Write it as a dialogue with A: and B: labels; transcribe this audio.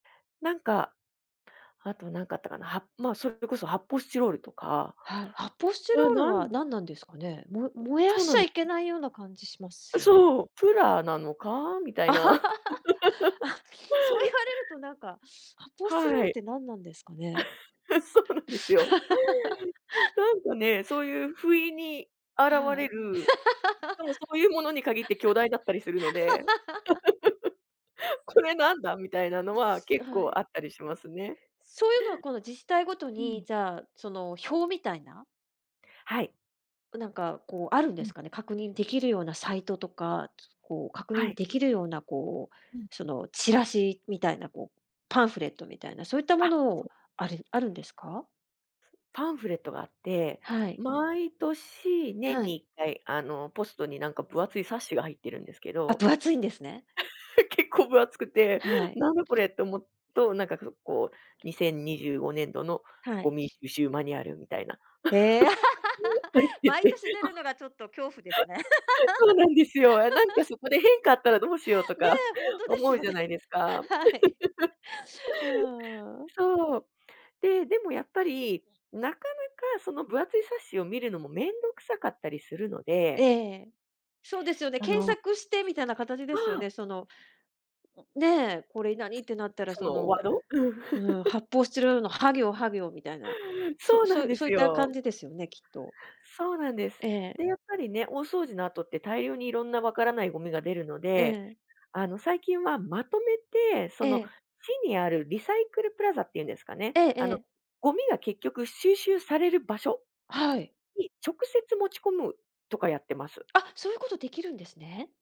A: なんか、あとなんかあったかな？はまあ、それこそ発泡スチロールとか、
B: はい、発泡スチ
A: え、
B: ロール
A: な
B: は
A: ん
B: 何なんですかね？も燃や
A: そう
B: しち
A: なん
B: ゃ
A: で
B: いけ
A: す。
B: ないような感じしますよね。
A: そう。プラなのか？み たい
B: あ、
A: な。
B: そう言 われると、なんか、発泡スチロール
A: は
B: っ
A: い、
B: てなんなんですかね？
A: そうなんですよ。なんかね、そういう不意に現
B: は
A: れ
B: い。
A: る、しかもそういうものに限って巨大だったりするので。これなんだみたいなのは
B: すあ、
A: 結
B: は
A: 構
B: い。
A: あったりしますね。
B: そういうのはこの自治体ごと
A: うん。
B: に、じゃあ、その、表みたいな？
A: はい。
B: う、なんかこうあるん
A: う
B: です
A: ん。
B: かね？確認できるようなサイトとか、こう確
A: は
B: 認
A: い。
B: できるようなこう、
A: うん。
B: そのチラシみたいなこう、パンフレットみたいな、そういったも
A: あっ、
B: の
A: そ
B: を
A: う。
B: あるあるんですか？
A: パンフレットがあって、
B: はい。
A: 毎年、
B: は
A: 年にい
B: い。
A: っかい、あの、ポストになんか分厚い冊子が入ってるんですけ
B: あ、
A: ど。
B: 分厚いんですね。
A: 結構分厚くて、
B: はい。
A: なんだこれっておもっとなんか、ここう2025年度の
B: は
A: ゴ
B: い。
A: ミ収集マニュアルみたいな。
B: へえ。
A: って 言っ
B: 毎
A: て、
B: 年出る のがちょっと恐怖ですね。
A: そうなんですよ。あ、なんかそこで 変化あったらどうしようと
B: ね、
A: か、
B: ほんとで
A: 思
B: す
A: う
B: よ
A: じゃ
B: ね。
A: ないですか。
B: はい。うーん。
A: そう、で、でもやっぱり、なかなかその分厚い冊子を見るのもめんどくさかったりするの
B: え
A: で。
B: え。そうですよね、
A: そ
B: 検
A: の
B: 索してみたいな形で
A: あ
B: すよ
A: あ。
B: ね、そのねえ、これ何ってなったら、
A: そ
B: そ
A: のワー
B: の、
A: ド？
B: うーん、発泡スチロールの、は行は行みたいな、
A: そ
B: そ
A: うなん
B: そ
A: で
B: そうい
A: す
B: った
A: よ。
B: 感じですよね、きっと。
A: そうなんです。
B: ええ。
A: で、やっぱりね、大掃除の後って大量にいろんな分わからないゴミが出るの
B: え
A: で、
B: え。
A: あの最近はまとめて、
B: え
A: その
B: え。
A: 市にあるリサイクルプラザっていうんですかね、
B: ええ
A: あ
B: え
A: の
B: え。
A: ゴミが結局収集される場所
B: はい。
A: に直接持ち込むとかやってます。
B: あ、そういうことできるんですね。